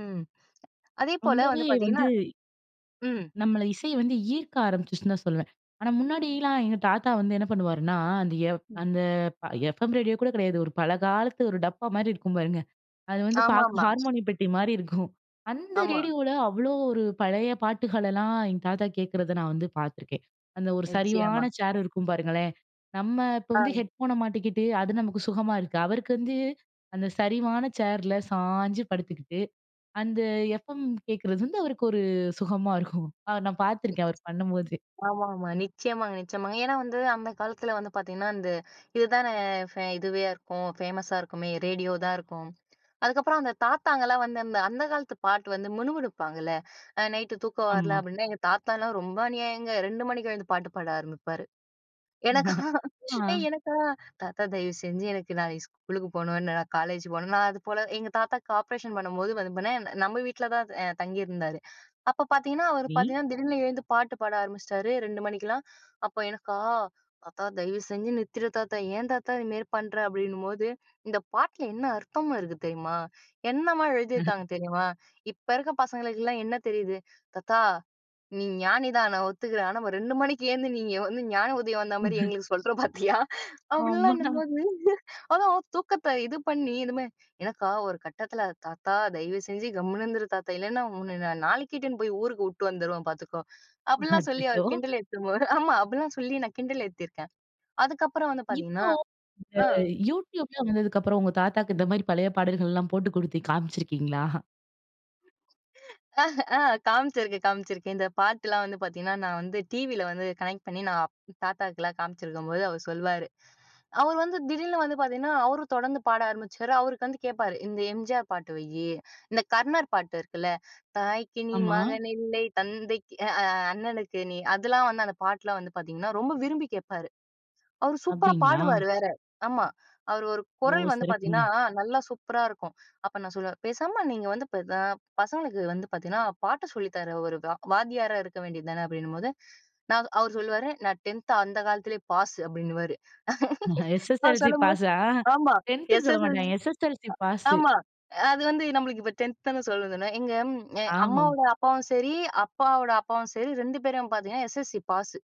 ம். அதேபோல ரொம்பவே வந்து பார்த்தீங்கன்னா, வந்து, ம். நம்மள இசை வந்து ஈர்க்க ஆரம்பிச்சுருச்சுன்னு தான் சொல்லுவேன். ஆனா, முன்னாடில்லாம் எங்க தாத்தா வந்து என்ன பண்ணுவாருன்னா, அந்த எஃப் ம். அந்த எஃப் எம் ரேடியோ கூட கெடையாது. ஒரு பல காலத்து ஒரு டப்பா மாரி இருக்கும் பாருங்க! அது வந்து பார்க்க ஹார் ஆமாமா. ஹார்மோனி பெட்டி மாரி இருக்கும். அந்த ஆமா. ரேடியோவ்ல அவ்ளோ ஒரு பழைய பாட்டுகளெல்லாம் எங்க தாத்தா கேட்க்கிறத நான் வந்து பார்த்துருக்கேன். அந்த ஒரு நிச்சயமா. சரிவான சேர் இருக்கும் பாருங்களேன். நம்ம இப்ப ஆ. வந்து ஹெட்ஃபோன மாட்டிக்கிட்டு, அது நமக்கு சுகமா இருக்கு. அவருக்கு வந்து அந்த சரிவான சேர்ல சாய்ஞ்சு படுத்துக்கிட்டு, அந்த எஃப் எம் கேட்கிறது வந்து அவருக்கு ஒரு சுகமா இருக்கும். நான் பார்த்துருக்கேன் அவர் பண்ணும்போது. ஆமாமா. நிச்சயமாங்க நிச்சயமாங்க. ஏன்னா, வந்து அந்த காலத்ல வந்து பார்த்தீங்கன்னா, இந்த இதுதானே ஃபே இதுவேயா இருக்கும். ஃபேமஸா இருக்குமே, ரேடியோ தான் இருக்கும். அதுக்கப்புறம் அந்த தாத்தாங்கலாம் வந்து, அந்த அந்த காலத்து பாட்டு வந்து முணுமுனுப்பாங்கல்ல. அ நைட்டு தூக்கம் வரல ஆமா. அப்டின்னா, எங்க தாத்தாலாம் ரொம்ப அநியாயங்க. 2 மணிக்கு எழுந்து பாட்டு பாட ஆரம்பிப்பாரு. எனக்கா? ஏய்! ஆ. எனக்கா? தாத்தா தயவு செஞ்சு எனக்கு நாளைக்கு ஸ்கூலுக்கு போணும். என்ன நான் காலேஜ் போணும். நான் அது போல எங்க தாத்தாக்கு ஆப்ரேஷன் பண்ணும்போது, வந்து பண்ணேன் நம்ம வீட்ல தான் எ தங்கியிருந்தாரு. அப்ப பார்த்தீங்கன்னா, அவர் நீ. பார்த்தீங்கன்னா திடீர்னு எழுந்து பாட்டு பாட ஆரம்பிச்சிட்டாரு, 2 மணிக்கெல்லாம்! அப்போ, எனக்கா? "தாத்தா, தயவு செஞ்சு நிறுத்திடு தாத்தா! ஏன் தாத்தா இதுமேரி பண்ற?" அப்டின்னும்போது, "இந்த பாட்ல என்ன அர்த்தம் இருக்கு தெரியுமா? என்னம்மா எழுதியிருக்காங்க தெரியுமா? இப்ப இருக்க பசங்களுக்கெல்லாம் என்ன தெரியுது?" "தாத்தா, நீ ஞானி தான். நான் ஒத்துக்கிறேன். ஆனா, ஒரு 2 மணிக்கு ஏழுந்து நீங்க வந்து ஞான உதயம் வந்த மாரி ம்ஹ்ம். எங்களுக்கு சொல்ற பார்த்தியா?" ஆமா. அப்டிலாம்ன்னும் போது, அதான் தூக்கத்த இது பண்ணி இதுமே, எனக்கா ஒரு கட்டத்துல, "தாத்தா, தயவு செஞ்சு கம்முனு இருந்துரு தாத்தா! இல்லைன்னா உன்ன நான் நாளைக்கே இட்டுன்னு போயி ஊருக்கு உட்டு வந்துருவேன். பார்த்துக்கோ!" அப்டிலாம் சொல்லி, அச்சச்சோ! அவர் கிண்டல ஏத்தம்போது, ஆமா அப்டிலாம் சொல்லி நான் கிண்டல் ஏத்தியிருக்கேன். அதுக்கப்புறம் வந்து இப்போ, பார்த்தீங்கன்னா, இந்த ஆ. YouTube லாம் வந்ததுக்கப்புறம், உங்க தாத்தாவுக்கு இந்த மாரி பழைய பாடல்கள்லாம் போட்டு குடுத்து காம்ச்சிருக்கீங்களா? ஆஹ் ஆ. காம்ச்சிருக்கேன், காம்ச்சிருக்கேன். இந்த பாட்டுலாம் வந்து பார்த்தீங்கன்னா, நான் வந்து டிவில வந்து கனெக்ட் பண்ணி நான் தாத்தாக்குலாம் காம்ச்சிருக்கும்போது, அவர் சொல்வாரு. அவரு வந்து திடீர்னு வந்து பார்த்தீங்கன்னா, அவரும் தொடர்ந்து பாட ஆரம்பிச்சிருவாரு. அவருக்கு வந்து கேட்பாரு. இந்த எம்ஜிஆர் பாட்டு வைய்யி, இந்த கர்ணர் பாட்டு இருக்குல்ல, "தாய்க்கு நீ ஆமா. மகன் இல்லை, தந்தைக்கு அ அ அண்ணனுக்கு நீ," அதுல்லாம் வந்து அந்த பாட்லாம் வந்து பார்த்தீங்கன்னா, ரொம்ப விரும்பி கேட்பாரு. அவரு சூப்பரா அப்டிங்களா? பாடுவாரு வேற! ஆமா அவரு ஒரு ஓ, குரல் வந்து சிறப்புங்க. பார்த்தீங்கன்னா, நல்லா சூப்பரா இருக்கும். அப்ப நான் சொல்லுவேன், பேசாம நீங்க வந்து பெ பெ அ பசங்களுக்கு வந்து பார்த்தீங்கன்னா, பாட்ட சொல்லி தர்ற ஒரு வா வாத்தியாரா இருக்க வேண்டிய தானே? அப்டின்னும்போது, நான் அவர் சொல்லுவாரு, "நான் 10த் அந்த காலத்துலயே பாஸ்!" அப்டின்னுவாரு. நான் எஸ்.எஸ்.எல்.சி! சொல்லும்போது, பாஸா? ஆமா, 10த் சொல்ல எஸ்.எஸ்.எல்.சி! மாட்டாங்க எஸ்.எஸ்.எல்.சி! பாஸு. ஆமா, அது வந்து நம்மளுக்கு இப்ப 10த் தான சொல்ல சொன்னாங்க. எங்க ஆமா. அம்மாவோட அப்பாவும் சரி, அப்பாவோட அப்பாவும் சரி 2 பேரையும் பார்த்தீங்கன்னா, எஸ்.எஸ்.எல்.சி! பாஸு!